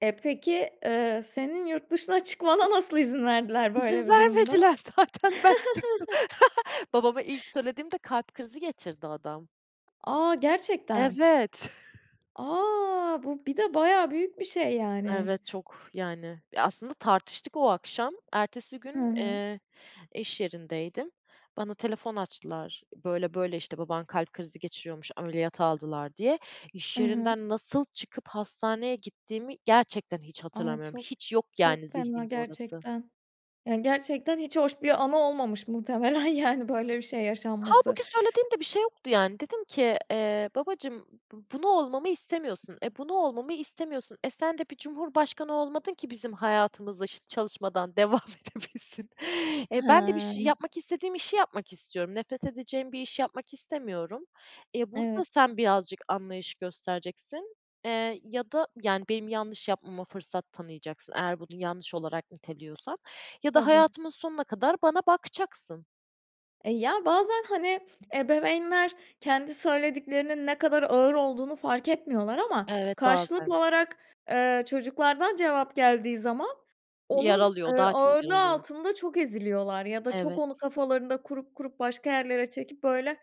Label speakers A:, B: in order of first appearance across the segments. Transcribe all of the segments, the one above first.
A: E, peki, eee, senin yurt dışına çıkmana nasıl izin verdiler
B: İzin
A: böyle bir durumda?
B: vermediler zaten ben çıktım. Babama ilk söylediğimde kalp krizi geçirdi adam.
A: A! Gerçekten?
B: Evet.
A: A! Bu bir de bayağı büyük bir şey, yani.
B: Evet, çok, yani, e, aslında tartıştık o akşam. Ertesi
A: Hı
B: gün,
A: hı.
B: eee, iş yerindeydim. Bana telefon açtılar, böyle, böyle işte baban kalp krizi geçiriyormuş, ameliyata aldılar diye,
A: Hı
B: iş
A: hı.
B: yerinden nasıl çıkıp hastaneye gittiğimi gerçekten hiç
A: Ay,
B: hatırlamıyorum.
A: çok
B: Hiç yok
A: çok
B: yani
A: fena
B: zihnimde orası.
A: gerçekten, yani, gerçekten hiç hoş bir anı olmamış muhtemelen yani, böyle bir şey yaşanması.
B: Hâlbuki söylediğim de bir şey yoktu, yani dedim ki, eee, babacığım bu bunu olmamı istemiyorsun, e, bunu olmamı istemiyorsun, e, sen de bir cumhurbaşkanı olmadın ki bizim hayatımıza şı çalışmadan devam edebilsin. E, ben de bir
A: Hıı.
B: şey yapmak, istediğim işi yapmak istiyorum. Nefret edeceğim bir işi yapmak istemiyorum. E, burada
A: Evet.
B: sen birazcık anlayış göstereceksin, eee, ya da, yani, benim yanlış yapmama fırsat tanıyacaksın eğer bunu yanlış olarak niteliyorsan ya da
A: Tabii.
B: hayatımın sonuna kadar bana bakacaksın.
A: E, ya, bazen, hani, ebeveynler kendi söylediklerinin ne kadar ağır olduğunu fark etmiyorlar ama
B: Evet,
A: karşılıklı
B: bazen.
A: olarak, eee, çocuklardan cevap geldiği zaman onun,
B: Yaralıyor, o
A: eee,
B: daha çok
A: ağırlığı
B: yaralıyor.
A: altında çok eziliyorlar ya da çok onu
B: Evet.
A: kafalarında kurup kurup başka yerlere çekip böyle,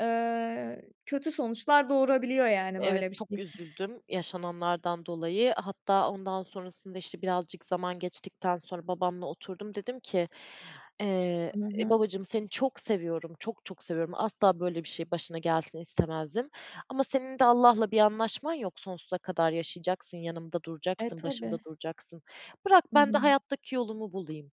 A: eee, kötü sonuçlar doğurabiliyor, yani, böyle
B: Evet,
A: bir
B: çok
A: şey.
B: üzüldüm yaşananlardan dolayı, hatta ondan sonrasında, işte, birazcık zaman geçtikten sonra babamla oturdum, dedim ki, eee,
A: Hı
B: e,
A: hı.
B: babacığım seni çok seviyorum, çok çok seviyorum, asla böyle bir şey başına gelsin istemezdim ama senin de Allah'la bir anlaşman yok, sonsuza kadar yaşayacaksın, yanımda
A: E,
B: duracaksın, başımda
A: tabii.
B: duracaksın. Bırak
A: Hı
B: ben de
A: hı.
B: hayattaki yolumu bulayım.